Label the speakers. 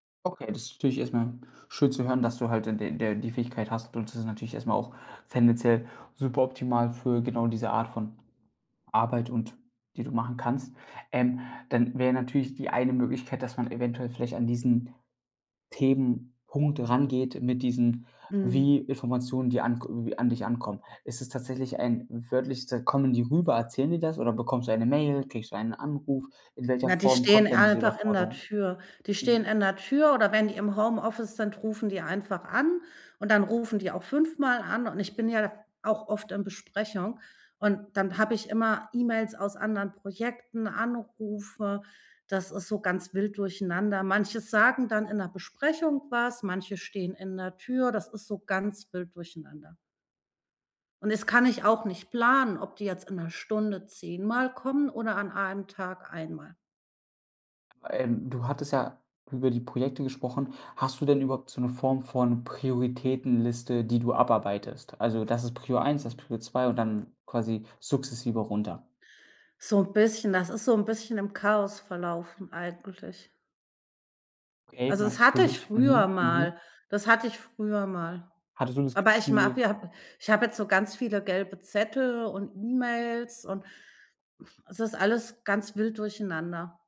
Speaker 1: Okay, das ist natürlich erst mal schön zu hören, dass du halt d der die Fähigkeit hast und das ist natürlich erst mal auch tendenziell super optimal für genau diese Art von Arbeit und die du machen kannst. Ähm, dann wär natürlich die eine Möglichkeit, dass man eventuell vielleicht an diesen Themenpunkt rangeht mit diesen wie
Speaker 2: Mhm.
Speaker 1: Informationen, die an k irgendwie an dich ankommen. Ist es tatsächlich ein wörtlich, s kommen die rüber, erzählen die das oder bekommst du eine Mail, kriegst du einen Anruf? In welcher
Speaker 2: Na, die
Speaker 1: Form
Speaker 2: stehen
Speaker 1: kommt dann diese
Speaker 2: einfach in der
Speaker 1: Überforderung?
Speaker 2: Tür. Die stehen
Speaker 1: Mhm.
Speaker 2: in der Tür oder wenn die im Homeoffice sind, rufen die einfach an und dann rufen die auch 5 Mal an. Und ich bin ja auch oft in Besprechung. Und, dann hab ich immer E-Mails aus anderen Projekten, Anrufe, das ist so ganz wild durcheinander. Manche sagen dann in 'ner Besprechung was, manche stehen in der Tür, das ist so ganz wild durcheinander. Und das kann ich auch nicht planen, ob die jetzt in 'ner Stunde 10 Mal kommen oder an 1 Tag 1 Mal.
Speaker 1: Ähm, du hattest ja über die Projekte gesprochen. Hast du denn überhaupt so 'ne Form von Prioritätenliste, die du abarbeitest? Also das ist Prio 1, das ist Prio 2 und dann quasi sukzessive runter.
Speaker 2: So 'n bisschen, das ist so 'n bisschen im Chaos verlaufen eigentlich.
Speaker 1: Okay,
Speaker 2: Also, das hatte ich
Speaker 1: natürlich. Mhm.
Speaker 2: früher
Speaker 1: Mhm.
Speaker 2: mal, das hatte ich früher mal.
Speaker 1: Hattest du das
Speaker 2: Aber ich mag
Speaker 1: Gefühl
Speaker 2: hab ich habe jetzt so ganz viele gelbe Zettel und E-Mails und, es ist alles ganz wild durcheinander.